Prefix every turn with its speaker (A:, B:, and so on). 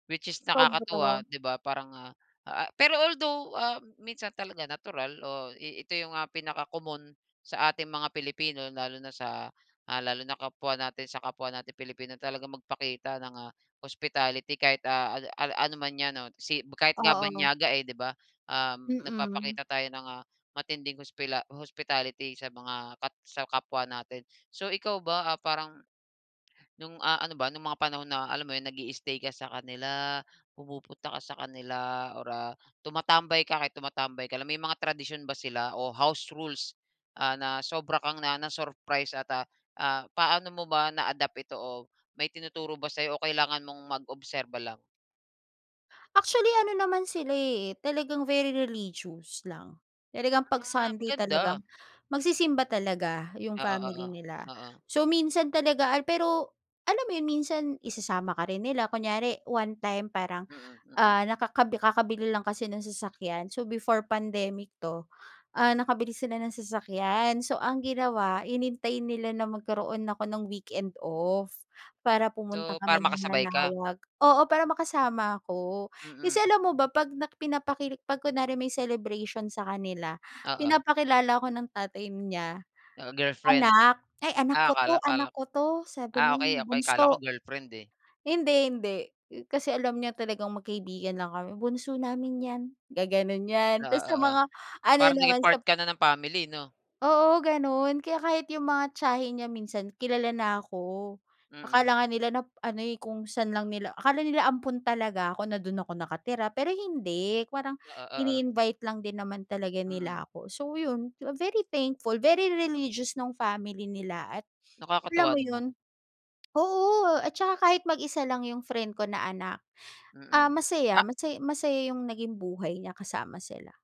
A: Which is
B: Sobra.
A: nakakatuwa, di ba. Parang, ah ah, pero although, ah, minsan talaga natural o i ito yung ah mga pinakakomon sa ating mga Pilipino, lalo na sa, ah, lalo na kapwa natin sa kapwa natin Pilipino, talagang magpakita ng ah hospitality kahit, ah, a a ano man yan, o si kahit nga
B: Oo.
A: banyaga eh, 'di ba, um,
B: Mm.
A: nagpapakita tayo ng, ah, matinding hospila hospitality sa mga kap sa kapwa natin. So, ikaw ba, ah, parang, no'ng ah, ano ba, nung mga panahon na, alam mo yun, nag-i-stay ka sa kanila, pumupunta ka sa kanila, or, ah, tumatambay ka, kahit tumatambay ka lang. May mga tradisyon ba sila o house rules, ah, na sobra kang na-ano, na-surprise at, ah, ah, paano mo ba na-adapt ito, o may tinuturo ba sa'yo, o kailangan mong mag-obserba lang?
B: Actually, ano naman sila eh, talagang very religious lang. Talagang 'pag
A: Ah,
B: Sunday
A: maganda.
B: talagang, magsisimba talaga yung
A: Oo, oo.
B: family nila.
A: Oo.
B: So, minsan talaga al pero alam mo yun, minsan isasama ka rin nila. Kunyari one-time parang,
A: Mm. Mm.
B: ah, nakakabi kakabili lang kasi ng sasakyan, so, before pandemic 'to, ah, nakabili sila ng sasakyan. So, ang ginawa hinintay nila na magkaroon ako ng weekend off para pumunta
A: So, para
B: kami ng
A: makasabay ka?
B: Manaoag, oo, para makasama ako. Kasi,
A: Mm.
B: alam mo ba, 'pag na pinapakil 'pag kunwari may celebration sa kanila,
A: Oo.
B: pinapakilala ako ng tatay niya.
A: Ah, girlfriend?
B: Anak. "Ay, anak
A: Ah,
B: ko
A: akala
B: 'to.
A: akala.
B: Anak ko 'to", sabi
A: Ah,
B: niya,
A: okey okey. Akala ko
B: "bunso."
A: girlfriend eh.
B: Hindi hindi. Kasi alam niya talagang magkaibigan lang kami. "Bunso namin yan", gagano'n yan
A: Oo,
B: tapos sa
A: oo.
B: mga ano
A: Parang naging
B: naman,
A: part
B: sa
A: ka na ng family, 'no?
B: Oo, gano'n. Kaya kahit yung mga tiyahin niya minsan, kilala na ako.
A: Mm.
B: Akala nga nila na ano eh, kung san lang nila akala nila ampon talaga ako na do'n ako nakatira. Pero hindi, parang
A: Oo, oo.
B: ini-invite lang din naman talaga
A: Mm.
B: nila ako. So, yun, very thankful, very religious nung family nila at alam
A: Nakakatuwa
B: mo yun
A: naman.
B: oo, at saka kahit mag-isa lang yung friend ko na anak, ah,
A: Mm.
B: masaya,
A: Ah
B: masaya masaya yung naging buhay niya kasama sila.